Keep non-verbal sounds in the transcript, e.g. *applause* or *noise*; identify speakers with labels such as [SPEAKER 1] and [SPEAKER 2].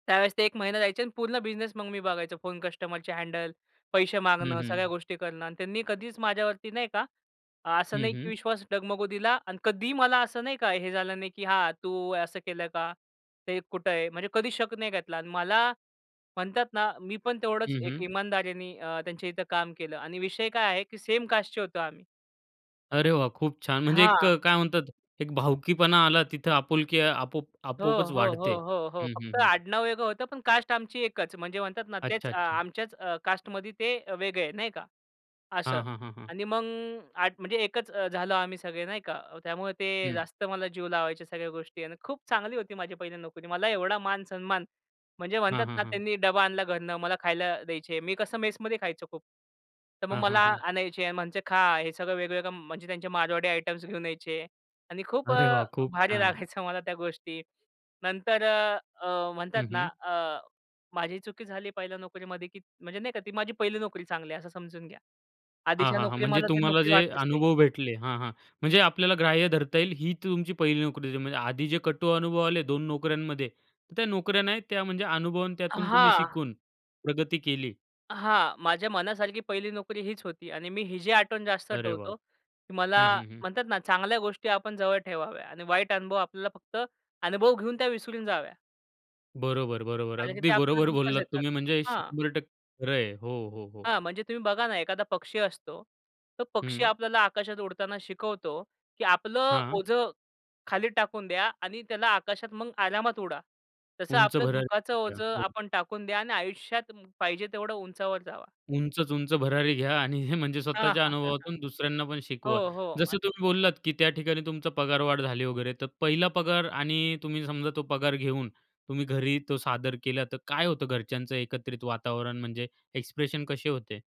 [SPEAKER 1] त्यावेळेस ते 1 महिना जायचे आणि पूर्ण बिझनेस मग मी बघायचो, फोन कस्टमरची हँडल, पैसे
[SPEAKER 2] हं,
[SPEAKER 1] मागणं, सगळ्या
[SPEAKER 2] हं.
[SPEAKER 1] गोष्टी करणं. आणि त्यांनी कधीच माझ्यावरती नाही का, असं
[SPEAKER 2] हं,
[SPEAKER 1] नाही की
[SPEAKER 2] हं.
[SPEAKER 1] विश्वास डगमगू दिला आणि कधीही मला असं नाही का, "हे झालं नाही की हां तू असं केलं का? ते कुठं आहे?" म्हणजे कधीच शक नाही घेतला. आणि मला म्हणतात ना मी पण तेवढंच
[SPEAKER 2] हं,
[SPEAKER 1] एक
[SPEAKER 2] हं.
[SPEAKER 1] इमानदारीने अ, त्यांच्या इथं काम केलं आणि विषय काय आहे की सेम कास्टचे होतो आम्ही.
[SPEAKER 2] अरे वाह! खूप छान. म्हणजे एक
[SPEAKER 1] हां.
[SPEAKER 2] अ, काय म्हणतात एक भावकीपणा आला तिथं आपुलकी आपओप
[SPEAKER 1] हो,
[SPEAKER 2] आपोआपच
[SPEAKER 1] हो. हो,
[SPEAKER 2] वाढते
[SPEAKER 1] हो. हो.
[SPEAKER 2] हं, हं.
[SPEAKER 1] फक्त
[SPEAKER 2] हं.
[SPEAKER 1] आडनाव वेगळं होतं पण कास्ट आमची एकच म्हणजे म्हणतात ना, तेच अ,
[SPEAKER 2] अच्छा-अच्छा.
[SPEAKER 1] आमच्याच अ, कास्टमध्ये ते वेगळं आहे नाही का असं.
[SPEAKER 2] हां, हां, हां, हां.
[SPEAKER 1] आणि मग म्हणजे एकच झालो आम्ही सगळे नाही का. त्यामुळे ते
[SPEAKER 2] हं.
[SPEAKER 1] जास्त मला जीव लावायच्या सगळ्या गोष्टी आणि खूप चांगली होती माझी पहिली नोकरी. मला एवढा मान-सन्मान म्हणजे म्हणतात
[SPEAKER 2] हां, हां,
[SPEAKER 1] ना,
[SPEAKER 2] हां.
[SPEAKER 1] त्यांनी डबा आणला घरनं, मला खायला द्यायचे. मी कसं मेसमध्ये खायचो खूप. तर मग
[SPEAKER 2] हां,
[SPEAKER 1] मला
[SPEAKER 2] हां. हां.
[SPEAKER 1] आणायचे आणि म्हणायचे खां, हे सगळं वेगवेगळं म्हणजे त्यांचे मारवाडी आयटम्स घेऊन यायचे आणि खूप
[SPEAKER 2] अरे
[SPEAKER 1] अ,
[SPEAKER 2] वाह! खूप
[SPEAKER 1] भारी
[SPEAKER 2] छान.
[SPEAKER 1] लागायचं मला त्या गोष्टी. नंतर अ, म्हणतात
[SPEAKER 2] हं,
[SPEAKER 1] ना
[SPEAKER 2] हं.
[SPEAKER 1] अ, माझी चुकी झाली 1ल्या नोकरीमध्ये की म्हणजे नाही का ती माझी 1हिली नोकरी चांगली आहे असं समजून घ्या.
[SPEAKER 2] हां,
[SPEAKER 1] आधीच्या
[SPEAKER 2] हां. हां.
[SPEAKER 1] नोकरी
[SPEAKER 2] म्हणजे
[SPEAKER 1] मला ती
[SPEAKER 2] तुम्हाला
[SPEAKER 1] नोकरी
[SPEAKER 2] जे
[SPEAKER 1] वाटलीच नाही.
[SPEAKER 2] अनुभव भेटले हां, हां. म्हणजे आपल्याला ग्राह्य धरता येईल ही तुमची पहिली नोकरी होती म्हणजे आधी जे कटू अनुभव आले 2 नोकऱ्यांमध्ये, त्या नोकऱ्या नाही त्या म्हणजे अनुभव आणि
[SPEAKER 1] अ,
[SPEAKER 2] त्यातून तुम्ही
[SPEAKER 1] हां.
[SPEAKER 2] शिकून, प्रगती केली.
[SPEAKER 1] हां. माझ्या मनासारखी 1हिली नोकरी हीच होती आणि मी हीची आठवण जास्त
[SPEAKER 2] अरे वाह!
[SPEAKER 1] ठेवतो. की मला
[SPEAKER 2] हं, हं. हं.
[SPEAKER 1] म्हणतात ना, चांगल्या गोष्टी आपण जवळ ठेवाव्यात आणि वाईट अनुभव आपल्याला फक्त अनुभव घेऊन त्या विसरून जाव्या.
[SPEAKER 2] बरोबर-बरोबर.
[SPEAKER 1] कारण की ते
[SPEAKER 2] अगदी
[SPEAKER 1] आपल्याला
[SPEAKER 2] बरोबर
[SPEAKER 1] दुःखच
[SPEAKER 2] बोललात
[SPEAKER 1] देतात.
[SPEAKER 2] तुम्ही म्हणजे
[SPEAKER 1] हां.
[SPEAKER 2] 100% खरं आहे. हो, हो. हो.
[SPEAKER 1] हां, म्हणजे तुम्ही बघा ना एखादा पक्षी असतो, तो पक्षी
[SPEAKER 2] हं.
[SPEAKER 1] आपल्याला आकाशात उडताना शिकवतो की आपलं
[SPEAKER 2] हां.
[SPEAKER 1] ओझं खाली टाकून द्या आणि त्याला आकाशात मग आरामात उडा. तसं
[SPEAKER 2] उंच
[SPEAKER 1] आपलं
[SPEAKER 2] भरारी
[SPEAKER 1] दुखाचं
[SPEAKER 2] घ्या.
[SPEAKER 1] ओझं
[SPEAKER 2] हो.
[SPEAKER 1] आपण टाकून द्या आणि आयुष्यात पाहिजे तेवढं उंचावर जावा.
[SPEAKER 2] उंचच उंच भरारी घ्या आणि हे म्हणजे
[SPEAKER 1] हां,
[SPEAKER 2] स्वतःच्या
[SPEAKER 1] हां. *chuckles*
[SPEAKER 2] अनुभवातून दुसऱ्यांना पण
[SPEAKER 1] हो,
[SPEAKER 2] शिकवा.
[SPEAKER 1] हो.
[SPEAKER 2] जसं
[SPEAKER 1] आणि
[SPEAKER 2] तुम्ही बोललात की त्या ठिकाणी तुमचा पगारवाढ झाली वगैरे, तर पहिला पगार आणि तुम्ही समजा तो पगार घेऊन तुम्ही घरी तो सादर केला, तर काय होतं घरच्यांचं एकत्रित वातावरण? म्हणजे एक्सप्रेशन कसे होते?